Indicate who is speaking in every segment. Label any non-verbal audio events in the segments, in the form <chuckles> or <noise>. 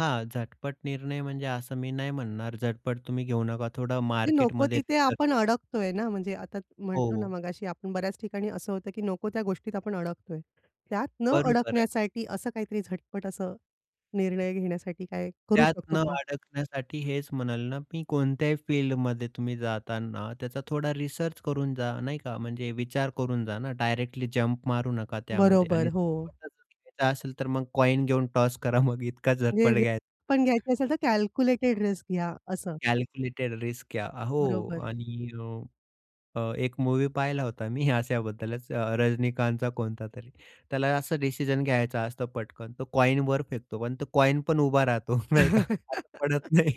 Speaker 1: हां, झटपट निर्णय घेणे म्हणजे असं मी नाही म्हणणार, झटपट तुम्ही घेऊ नका थोडं
Speaker 2: नको
Speaker 1: मार्केटमध्ये
Speaker 2: तिथे
Speaker 1: रिसर्च.
Speaker 2: आपण
Speaker 1: <unintelligible>
Speaker 2: अडकतोय ना, म्हणजे आता म्हणटंलो ना,
Speaker 1: हो.
Speaker 2: मगाशी आपण बऱ्याच ठिकाणी असं होतं की नको त्या गोष्टीत आपण अडकतोय. त्यात न
Speaker 1: बरोबर आहे.
Speaker 2: अडकण्यासाठी असं काहीतरी झटपट असं निर्णय घेण्यासाठी काय करू
Speaker 1: त्यात न
Speaker 2: शकतो का?
Speaker 1: अडकण्यासाठी हेच म्हणाल ना, मी कोणत्याही फील्डमध्ये तुम्ही जाताना त्याचा थोडा रिसर्च करून जा नाही का. म्हणजे विचार करून जा ना. डायरेक्टली जम्प मारू नका त्यामध्ये
Speaker 2: बरोबर.
Speaker 1: आणि
Speaker 2: हो.
Speaker 1: झटपटच डिसिजन घ्यायचा असेल तर मग कॉइन घेऊन टॉस करा. <chuckles> मग इतका
Speaker 2: म्हणजे
Speaker 1: झटपट घ्यायचा.
Speaker 2: रिस्कपण घ्यायची असेल, तर कॅल्क्युलेटेड रिस्क घ्या असं.
Speaker 1: कॅल्क्युलेटेड रिस्क घ्या. अ, हो
Speaker 2: बरोबर.
Speaker 1: आणि अ, अ, 1 मूव्ही पाहिला होता मी अशाबद्दलच अ, रजनीकांतचा कोणता तरी, त्याला असं डिसिजन घ्यायचा असतो पटकन. तो कॉइनवर फेकतो पण तो कॉइनपण उभा राहतो नाही का, <unintelligible> पडत
Speaker 2: <chuckles>
Speaker 1: नाही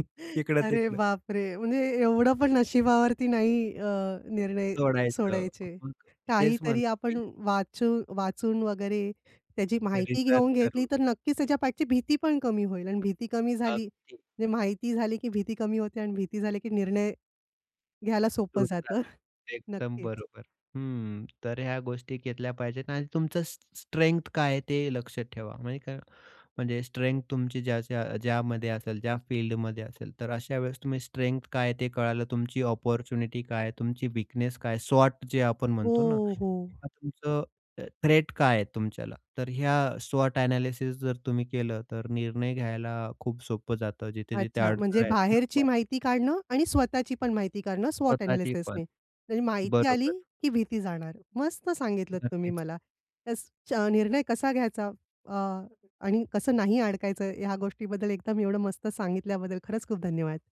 Speaker 2: अरे,
Speaker 1: इकडं-तिकडं.
Speaker 2: बापरे! म्हणजे एवढं पण नशिबावरती नाही अ, निर्णय
Speaker 1: सोडायचं
Speaker 2: सोडायचे.
Speaker 1: <unintelligible> तेच
Speaker 2: काहीतरी
Speaker 1: म्हणतो
Speaker 2: आपण
Speaker 1: मी.
Speaker 2: वाचू-वाचून वगैरे त्याची माहिती
Speaker 1: रिसर्च
Speaker 2: घेऊन घेतली,
Speaker 1: करून.
Speaker 2: तर नक्कीच त्याच्या पाठची भीतीपण कमी होईल आणि भीती कमी झाली.
Speaker 1: अगदी.
Speaker 2: म्हणजे माहिती झाली की भीती कमी होते आणि भीती कमी झाली की निर्णय घ्यायला सोपं
Speaker 1: <unintelligible>
Speaker 2: जातं. <chuckles>
Speaker 1: एकदम
Speaker 2: नक्कीच.
Speaker 1: बरोबर. हं. तर ह्या गोष्टी घेतल्या पाहिजेत आणि तुमचं स्ट्रे स्ट्रेंग्थ काय आहे ते लक्षात ठेवा, म्हणजे काय म्हणजे स्ट्रेंग्थ तुमची ज्या ज्या ज्यामध्ये असेल, ज्या फील्डमध्ये असेल, तर अशा वेळेस तुम्ही स्ट्रेंग्थ काय आहे ते कळालं, तुमची अपॉर्च्युनिटी काय आहे? तुमची वीकनेस काय? स्वॉट जे आपण
Speaker 2: हो,
Speaker 1: म्हणतो ना,
Speaker 2: हो.
Speaker 1: तुमचं थ्रेट काय आहे तुमच्याला? तर ह्या स्वॉट अ‍ॅनालिसिस जर तुम्ही केलं, तर निर्णय घ्यायला खूप सोपं जातं. जिथे-जिथे
Speaker 2: अच्छा. म्हणजे
Speaker 1: अडथळे आहेत ना
Speaker 2: बाहेरची
Speaker 1: तुम्हाला
Speaker 2: माहिती काढणं आणि स्वतःची पण माहिती काढणं स्वॉट
Speaker 1: स्वतःची पण.
Speaker 2: अ‍ॅनालिसिसनी, म्हणजे माहिती आली
Speaker 1: बरोबर.
Speaker 2: की भीती जाणार. मस्त सांगितलत तुम्ही
Speaker 1: नक्कीच.
Speaker 2: मला. त्याचा निर्णय कसा घ्यायचा अ, आणि कसं नाही अडकायचं, ह्या गोष्टीबद्दल एकदम एवढं मस्त सांगितल्याबद्दल खरंच खूप धन्यवाद.